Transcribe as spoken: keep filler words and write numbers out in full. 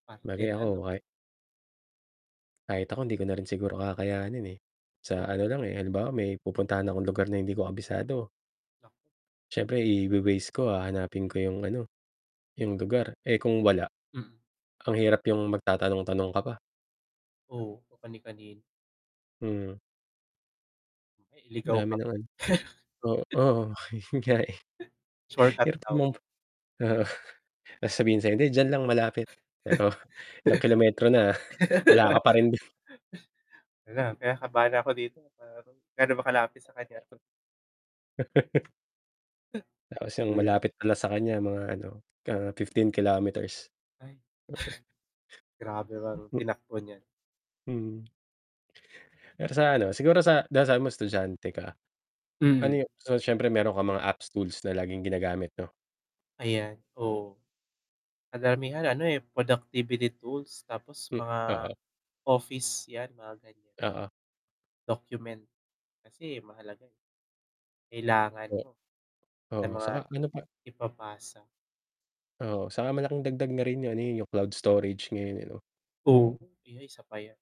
Parte 'Bagay na ako 'no. ka kahit ako hindi ko na rin siguro kakayanin, eh. Sa ano Oo. lang, eh, halimbawa may pupuntahan akong lugar na hindi ko kabisado Nak siyempre iwe-Waze ko hahanapin ko yung ano, yung lugar. Eh, kung wala, Mm. ang hirap yung magtatanong-tanong ka pa. Oo, kung kani-kanino. Mm. Mamaya iligaw Dami ka pa. noon. O oo, yun nga, eh. Shortcut Hirap daw. mong oo, ta's sasabihin sa'yo hindi diyan lang malapit, pero ilang kilometro na wala ka pa rin dun. Hala, kinakabahan na ako dito, aru gaano ba kalapit sa kanya 'to? Tapos yung Hmm. malapit pala sa kanya mga ano, ah, fifteen kilometers. Ay, Mm grabe ang M tinakbo niya. Mm. Pero sa ano, siguro sa dahil sabi mo estudyante ka. Ano Mm. yung so, siyempre meron kang mga apps tools na laging ginagamit 'no? Ayan, oo. Karamihan ano, eh, productivity tools tapos M mga oo. office 'yan, mga ganyan. Oo. Document kasi mahalaga, eh. Kailangan Eh mo sa oo, mga saka ano pa ipapasa. Oo, saka malaking dagdag na rin yun, eh, yung cloud storage ngayon, eh, 'no. Oo, iyan isa pa 'yan.